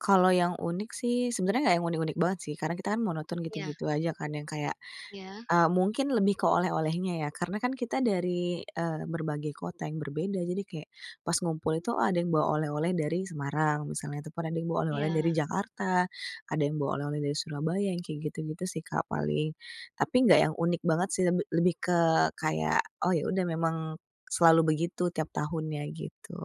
Kalau yang unik sih, sebenarnya enggak yang unik-unik banget sih, karena kita kan mau monoton Iya. gitu-gitu aja, kan yang kayak, Iya. eee, mungkin lebih ke oleh-olehnya ya, karena kan kita dari, eee, berbagai kota yang berbeda. Jadi kayak pas ngumpul itu, ada yang bawa oleh-oleh dari Semarang misalnya, ataupun ada yang bawa oleh-oleh dari Iya. Jakarta, ada yang bawa oleh-oleh dari Surabaya, yang kayak gitu-gitu sih, Kak, paling. Tapi enggak yang unik banget sih, lebih lebih ke kayak, oh ya udah memang selalu begitu tiap tahunnya gitu.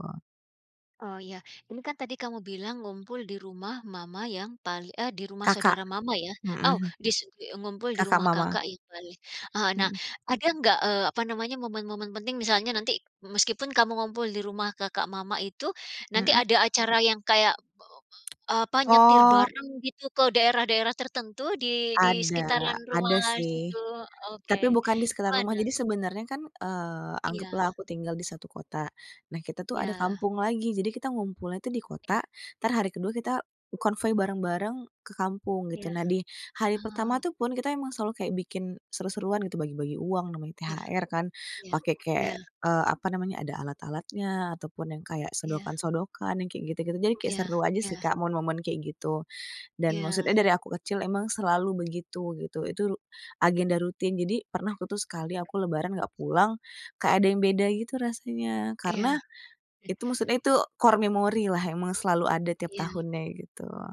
Oh ya, ini kan tadi kamu bilang ngumpul di rumah mama yang paling eh, di rumah Kakak. saudara mama ya. Oh, heeh. dis [unintelligible] ngumpul di Kakak rumah mama. kakak. [unintelligible] Eee, nah, Mhm. ada enggak, eee, apa namanya, momen-momen penting, misalnya nanti, meskipun kamu ngumpul di rumah kakak mama itu, nanti Mhm ada acara yang kayak, eee, apa, nyetir Oh. bareng gitu, ke daerah-daerah tertentu di di Ada, sekitaran ada rumah sih, situ ok, tapi bukan di sekitar rumah. mana? Jadi sebenarnya, eee, kan Iya. anggaplah aku tinggal di satu kota. Nah, kita tuh ada Iya. kampung lagi. Jadi kita ngumpulnya tuh di kota, Iya. entar hari ke-2 kita konvoi bareng-bareng ke kampung Iya. gitu. Nah, di hari pertama Oh. tuh pun, kita emang selalu kayak bikin seru-seruan gitu, bagi-bagi uang namanya Iya, THR, kan iya, pakai iya. kayak, eee, apa namanya, ada alat-alatnya ataupun yang kayak Iya. sodokan-sodokan yang kayak gitu-gitu. Jadi kayak Iya seru aja sih, iya. Kak, momen-momen kayak gitu. Dan maksudnya Iya. dari aku kecil emang selalu begitu gitu. Itu agenda rutin. Jadi pernah aku tuh sekali, aku lebaran enggak pulang, kayak ada yang beda gitu rasanya, Iya. karena I itu maksudnya itu core memori lah, emang selalu ada tiap Iya. tahunnya gitu.